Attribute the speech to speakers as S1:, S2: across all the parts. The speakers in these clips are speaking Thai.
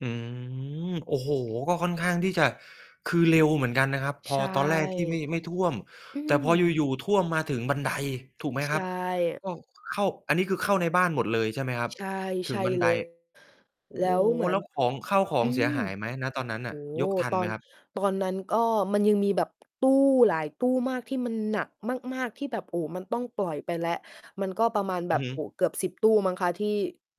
S1: อืม โอ้โฮ ก็ค่อนข้างที่จะ คือเร็วเหมือนกันนะครับ พ
S2: ใ
S1: อ
S2: ช่
S1: ตอนแรกที่ไม่ ไม่ท่วม
S2: อื
S1: แต่พอ
S2: ม
S1: อยู่ ๆ ท่วม มาถึงบันได ถูกไห
S2: ใ
S1: ม
S2: ช
S1: ครับ?
S2: ่
S1: ก็เข้า อันนี้ คือ เข้าในบ้านหมดเลยใช่ไหมครับ?
S2: ใช่
S1: ถ
S2: ใ
S1: ึ
S2: ช
S1: ง
S2: ่
S1: บัน
S2: เ
S1: ได
S2: ลย
S1: โอ้
S2: แล้วเหมื
S1: แ
S2: อ
S1: ล้
S2: น
S1: วของ ข้าวขอ
S2: อื
S1: งเสีย
S2: ม
S1: หายไหม? ณ ตอนนั้น
S2: โ
S1: น
S2: อ
S1: ่ะ
S2: ้โฮ
S1: ยกทัน
S2: ต
S1: ไห
S2: อ
S1: ม
S2: น
S1: ครับ?
S2: ตอนนั้นก็มันยังมีแบบ ตู้หลายตู้มาก ที่มันหนักมาก ๆ ที่แบบ โอ้ มันต้องปล่อยไปแล้ว มันก็ประมาณแ
S1: อ
S2: บ
S1: ือ
S2: บ
S1: ฮ
S2: โอ้
S1: ึ
S2: โฮ เกือบ 10 ตู้มั้งคะ ที่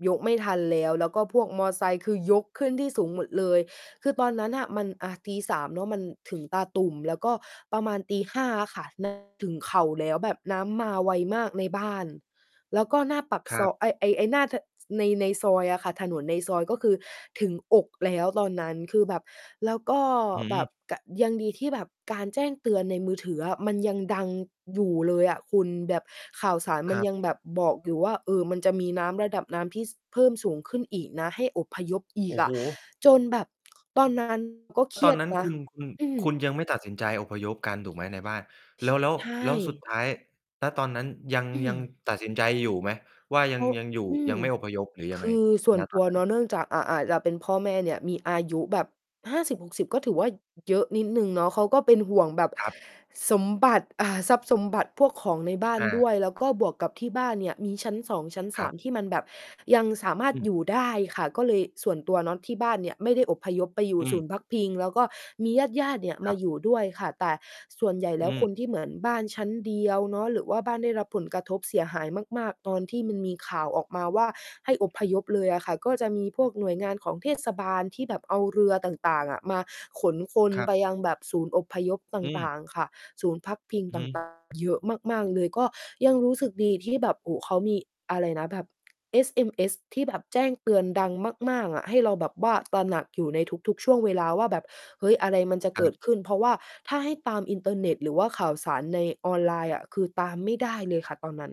S2: ยกไม่ทันแล้ว แล้วก็พวกมอเตอร์ไซค์ คือ ยกขึ้นที่สูงหมดเลย คือ ตอนนั้นน่ะมัน อ่า ตี 3 เนาะ มันถึงตาตุ่ม แล้วก็ประมาณตี 5 อะค่ะ น้ำ ถึงเข่า แล้วแบบน้ำมาไวมากในบ้าน แล้วก็หน้าปาก
S1: ค
S2: ซ
S1: รั
S2: อ
S1: บ
S2: ย ไอ้ ไอ้ ไอ้หน้า ถ ใน ในซอยอะค่ะ ถนนในซอย ก็คือถึงอกแล้วตอนนั้น คือแบบ แล้วก็
S1: อ
S2: แบ
S1: ืม
S2: บ กะ ยังดีที่แบบการแจ้งเตือนในมือถืออะ มันยังดังอยู่เลยอะคุณ แบบ ข่าวสารม
S1: ค
S2: ัน
S1: รั
S2: ยัง
S1: บ
S2: แบบ บอกอยู่ว่า เออ มันจะมีน้ำระดับน้ำที่ ส เพิ่มสูงขึ้นอีกนะ ให้อพยพอี
S1: โอ
S2: ก
S1: ้
S2: อ
S1: โฮ
S2: ะ จนแบบ ตอน นั้น ก็เคร
S1: ต
S2: ี
S1: อ
S2: ย
S1: น
S2: ด
S1: นั้น
S2: น
S1: ค
S2: ะ
S1: ุณ คุณ
S2: อื
S1: ค
S2: ม
S1: ุณยังไม่ตัดสินใจอพยพกันถูกไหมในบ้าน?
S2: ช
S1: แล้ว แล้ว
S2: ใช
S1: แล้วสุด
S2: ่
S1: ท้าย ณ ตอนนั้นยัง
S2: อื
S1: ยัง
S2: ม
S1: ตัดสินใจอยู่ไหม? ว่ายั
S2: โอ
S1: ง
S2: ้
S1: ยังอยู่
S2: อื
S1: ย
S2: ม
S1: ังไม่อพยพหรือยั
S2: ค
S1: งไง?
S2: ือส่ว
S1: ณ
S2: น
S1: ต
S2: ต
S1: อ
S2: ั
S1: น
S2: ว
S1: นั้
S2: เ
S1: น
S2: นาะ เนื่องจาก อะ อะ แล้วเป็นพ่อแม่เนี่ยมีอายุแบบ 50- 60 ก็ถือว่าเยอะนิดหนึ่งเนาะ เขาก็เป็นห่วงแบบ
S1: ครับ
S2: สมบัติ อา ทรัพย์สมบัติพวกของในบ้าน
S1: อ
S2: ด้
S1: า
S2: วย แล้วก็บวกกับที่บ้านเนี่ยมีชั้น 2 ชั้น ส
S1: คร
S2: า
S1: ับ
S2: ม ที่มันแบบ ยังสามาร
S1: อ
S2: ถ
S1: ื
S2: อย
S1: ม
S2: ู่ได้ค่ะ ก็เลยส่วนตัวเนาะที่บ้านเนี่ยไม่ได้อพยพไปอยู่
S1: อื
S2: ศ
S1: ม
S2: ูนย์พักพิง แล้วก็มีญาติ ๆ เนี่ย
S1: ค
S2: ม
S1: ร
S2: า
S1: ับ
S2: อยู่ด้วยค่ะ แต่ส่วนใหญ่แ
S1: อ
S2: ล้ว
S1: ื
S2: ค
S1: ม
S2: นที่เหมือนบ้านชั้นเดียวเนาะ หรือว่าบ้านได้รับผลกระทบเสียหายมาก ๆ ตอนที่มันมีข่าวออกมาว่า ให้อพยพเลยอะค่ะ ก็จะมีพวกหน่วยงานของเทศ บาล ที่แบบเอาเรือต่าง ๆ อะ มาขนคน
S1: ครั
S2: ไ
S1: บ
S2: ปยังแบบศูนย์อพยพต
S1: อืม
S2: ่าง ๆ ค่ะ ศูนย์พักพิง
S1: อือ
S2: ต่
S1: ฮ
S2: าง ต่
S1: ึ
S2: าง เยอะมาก ๆ เลย ก็ยังรู้สึกดีที่แบบ โอ้ เขามีอะไรนะ แบบ SMS ที่แบบแจ้งเตือนดังมาก ๆ อะ ให้เราแบบว่า ตระหนักอยู่ในทุก ๆ ช่วงเวลาว่าแบบ เฮ้ย อะไรมันจะเก
S1: ค
S2: ิ
S1: รับ
S2: ดขึ้น เพราะว่าถ้าให้ตามอินเทอร์เน็ต หรือว่าข่าวสารในออนไลน์อะ คือ ตามไม่ได้เลยค่ะตอนนั้น